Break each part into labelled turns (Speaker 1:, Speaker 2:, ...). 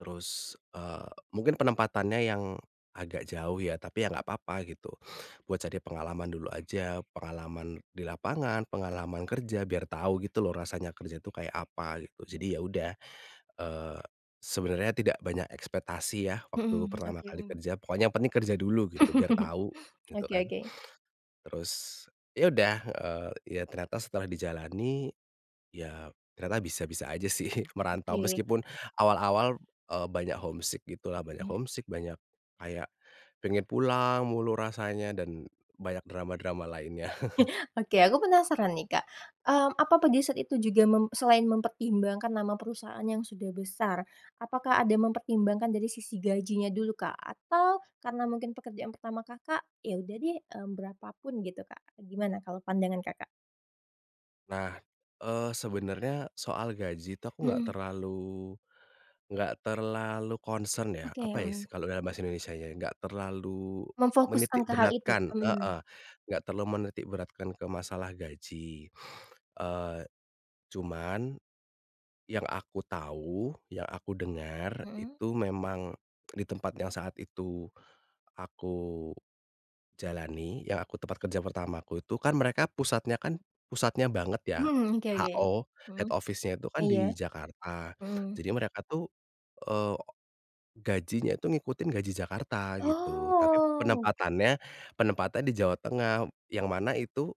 Speaker 1: Terus, eee, mungkin penempatannya yang agak jauh ya tapi ya nggak apa-apa gitu, buat cari pengalaman dulu aja, pengalaman di lapangan, pengalaman kerja biar tahu gitu loh rasanya kerja itu kayak apa gitu. Jadi ya udah, eee, sebenarnya tidak banyak ekspektasi ya waktu
Speaker 2: Mhm,
Speaker 1: pertama
Speaker 2: oke.
Speaker 1: kali
Speaker 2: Mmm.
Speaker 1: kerja pokoknya yang penting kerja dulu gitu biar tahu gitu
Speaker 2: Oke
Speaker 1: kan,
Speaker 2: oke.
Speaker 1: terus ya udah, eee, ya ternyata setelah dijalani ya ternyata bisa-bisa aja sih merantau
Speaker 2: Oke.
Speaker 1: meskipun awal-awal, eee, banyak homesick gitulah, banyak
Speaker 2: Hmm.
Speaker 1: homesick banyak kayak pengen pulang mulu rasanya dan banyak drama-drama lainnya.
Speaker 2: Oke, aku penasaran nih, Kak. Mmm, apa pada saat itu juga mem selain mempertimbangkan nama perusahaan yang sudah besar, apakah ada mempertimbangkan dari sisi gajinya dulu, Kak? Atau karena mungkin pekerjaan pertama Kakak, "Ya udah deh, mmm, berapa pun," gitu, Kak. Gimana kalau pandangan Kakak?
Speaker 1: Nah, eee, sebenarnya soal gaji itu aku nggak
Speaker 2: Mhm.
Speaker 1: terlalu nggak terlalu concern ya
Speaker 2: Oke,
Speaker 1: apa ya is
Speaker 2: mhm.
Speaker 1: kalau dalam bahasa Indonesia-nya nggak terlalu
Speaker 2: Memfokuskan ke hal itu?
Speaker 1: menitikberatkan
Speaker 2: Mmm.
Speaker 1: heeh, nggak terlalu menitikberatkan ke masalah gaji, eee, cuman yang aku tahu yang aku dengar
Speaker 2: Mmm.
Speaker 1: itu memang di tempat yang saat itu aku jalani yang aku tempat kerja pertamaku itu kan mereka pusatnya kan pusatnya banget ya
Speaker 2: Mmm, oke oke.
Speaker 1: HO,
Speaker 2: Mhm.
Speaker 1: head office-nya itu kan
Speaker 2: Iya,
Speaker 1: di Jakarta.
Speaker 2: mmm.
Speaker 1: Jadi mereka tuh, eee, gajinya itu ngikutin gaji Jakarta gitu tapi
Speaker 2: Oh.
Speaker 1: penempatannya penempatannya di Jawa Tengah yang mana itu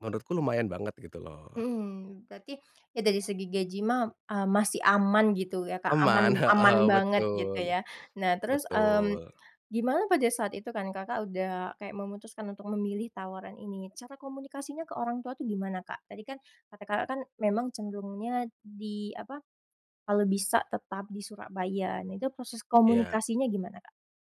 Speaker 1: menurutku lumayan banget gitu loh.
Speaker 2: Mhm, berarti ya dari segi gaji mah, eee, masih aman gitu ya, Kak,
Speaker 1: Aman,
Speaker 2: aman aman
Speaker 1: heeh,
Speaker 2: banget gitu
Speaker 1: betul
Speaker 2: ya. Nah, terus, mmm,
Speaker 1: betul.
Speaker 2: gimana pada saat itu kan Kakak udah kayak memutuskan untuk memilih tawaran ini, cara komunikasinya ke orang tua tuh gimana, Kak? Tadi kan kata Kakak kan memang cenderungnya di apa, kalau bisa tetap di Surabaya nah itu proses
Speaker 1: Iya.
Speaker 2: komunikasinya gimana, Kak?